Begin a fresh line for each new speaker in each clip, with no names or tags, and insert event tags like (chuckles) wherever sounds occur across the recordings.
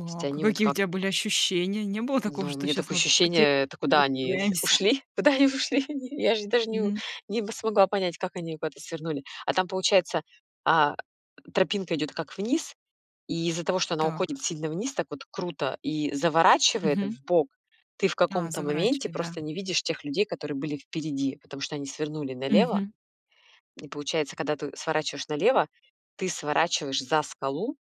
То есть
а
они вот
какие у
как
тебя были ощущения? Не было такого,
Ну, у
что
меня
щас
такое
мы.
ощущение, это куда они с
(unintelligible)
ушли? Куда они ушли они? Я же даже не у
Мгм.
не м, смогла понять, как они куда-то свернули. А там, получается, а, тропинка идёт как вниз, и из-за того, что она
Так.
уходит сильно вниз так вот круто и заворачивает
Мгм.
вбок, ты в
А,
каком-то моменте
заворачивает, да.
просто не видишь тех людей, которые были впереди, потому что они свернули налево.
Мгм.
И получается, когда ты сворачиваешь налево, ты сворачиваешь за скалу.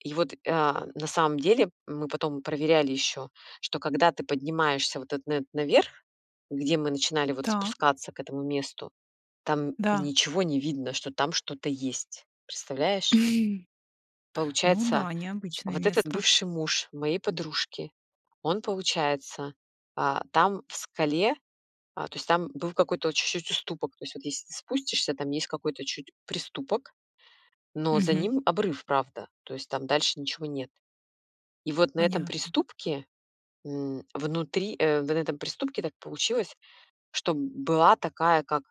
И вот, э, на самом деле мы потом проверяли ещё, что когда ты поднимаешься вот этот на этот наверх, где мы начинали вот
Так.
спускаться к этому месту, там
Да.
ничего не видно, что там что-то есть, представляешь?
(chuckles) Ну
Получается,
да, необычное
вот этот
место.
бывший муж моей подружки, он, получается, а, там в скале, а, то есть там был какой-то о чуть-чуть уступок, то есть вот если ты спустишься, там есть какой-то чуть-чуть приступок, но за
Мгм.
ним обрыв, правда, то есть там дальше ничего нет. И вот на этом
Понятно.
приступке, м, внутри, э, на этом приступке так получилось, что была такая как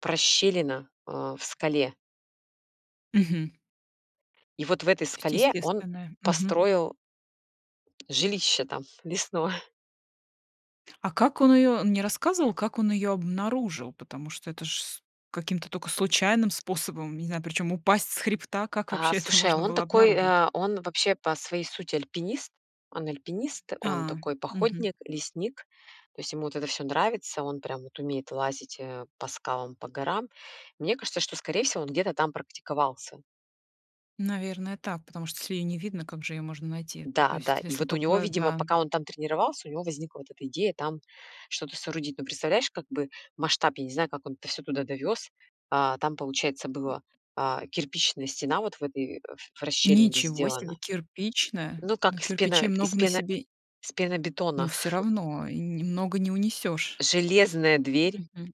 прощелина, э, в скале.
Мгм.
И вот в этой
То есть
скале он
естественная. Мгм.
построил жилище там лесное.
А как он её он не рассказывал, как он её обнаружил? Потому что это ж с каким-то только случайным способом, не знаю, причём упасть с хребта. Как
А
вообще это
слушай, а
можно
он
было
такой,
обнаружить?
э, он вообще по своей сути альпинист, он альпинист, он
А,
такой
мгм.
походник, лесник, то есть ему вот это всё нравится, он прям вот умеет лазить, э, по скалам, по горам, мне кажется, что скорее всего он где-то там практиковался.
Наверное, так, потому что если ее не видно, как же её можно найти, то
Да, да,
есть,
и
если
вот у него,
только
видимо,
да.
пока он там тренировался, у него возникла вот эта идея там что-то соорудить. Но представляешь, как бы масштаб, я не знаю, как он это всё туда довёз. А, там, получается,
М.
была кирпичная стена вот в этой, э, в расщелине
Ничего
сделана.
себе кирпичная,
Ну, как
но
из пено
кирпичей
из
много на
пено
себе
из
Но
пенобетона.
всё
(chuckles)
равно, и немного не унесёшь.
Железная
М,
дверь.
мгм.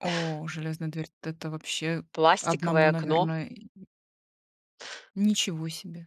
О, железная дверь-то- это вообще 1,
Пластиковое окно.
наверное, и Ничего себе.